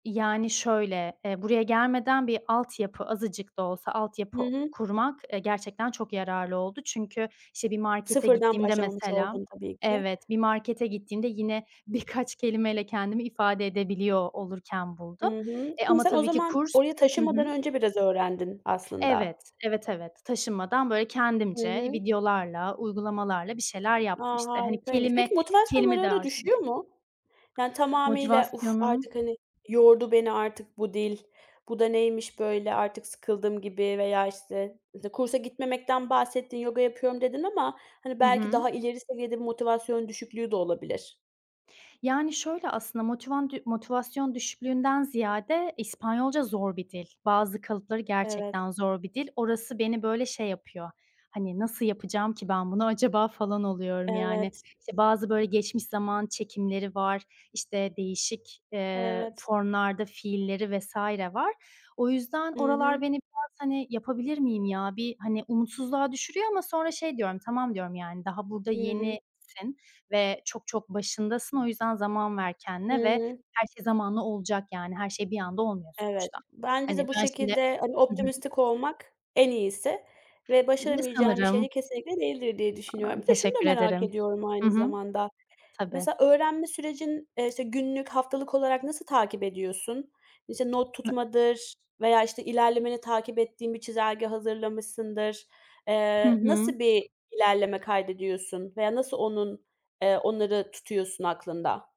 Yani, şöyle, eee, buraya gelmeden bir altyapı, azıcık da olsa, Hı altyapı hı. kurmak, eee, gerçekten çok yararlı oldu. Çünkü, işte, bir markete Sıfırdan, gittiğimde başlamamış mesela oldun tabii ki. evet, bir markete gittiğimde yine birkaç kelimeyle kendimi ifade edebiliyor olurken I buldum. hı. Eee, Hani, ama sen o tabii ki zaman, kurs oraya hı taşınmadan hı. önce biraz öğrendin aslında? Evet, evet, evet. Taşınmadan böyle, Hı kendimce, hı. videolarla, uygulamalarla bir şeyler A! yaptım işte. Hani, Harikaymış. kelime, Peki, motivasyonun kelime ara, ara dağarcığımı düşüyor mu? Yani, tamamıyla "Uf Motivasyonum artık, hani, yordu beni artık bu dil, bu da neymiş böyle, artık sıkıldım." gibi veya, işte, mesela, kursa gitmemekten bahsettin, yoga yapıyorum dedin, ama, hani, Hı belki daha hı. ileri seviyede bir motivasyon düşüklüğü de olabilir. Yani, şöyle aslında, motivandü motivasyon düşüklüğünden ziyade, İspanyolca zor bir dil. Bazı kalıpları Evet. gerçekten zor bir dil. Orası beni böyle şey yapıyor. Hani, nasıl yapacağım ki ben bunu acaba, falan oluyorum yani. Evet. İşte, bazı böyle, geçmiş zaman çekimleri var, işte, değişik, eee, Evet. formlarda fiilleri vs. var. O yüzden, I oralar hı. beni biraz, hani "Yapabilir miyim ya?" bir, hani, umutsuzluğa düşürüyor ama sonra şey diyorum, "Tamam, diyorum yani, daha burada I hı. yenisin ve çok, çok başındasın. O yüzden, zaman ver I kendine ve hı. her şey zamanla olacak, yani. Her şey, bir anda olmuyor Evet. sonuçta." Bence Hani de, bu ben şimdi şekilde, hani, hı hı. optimistik olmak en iyisi ve [unintelligible] başaramayacağın bir şey Sanırım. de, kesinlikle değildir diye A, düşünüyorum. Bir de, şunu da teşekkür merak ederim. ediyorum, Hı aynı hı. zamanda. Tabii. Mesela, öğrenme sürecin, eee, işte, günlük, haftalık olarak nasıl takip ediyorsun? İşte, not Nı tutmadır veya, işte, ilerlemeni takip ettiğin bir çizelge hazırlamışsındır. Hı Eee, nasıl hı. bir ilerleme kaydediyorsun veya nasıl onun, eee, onları tutuyorsun aklında?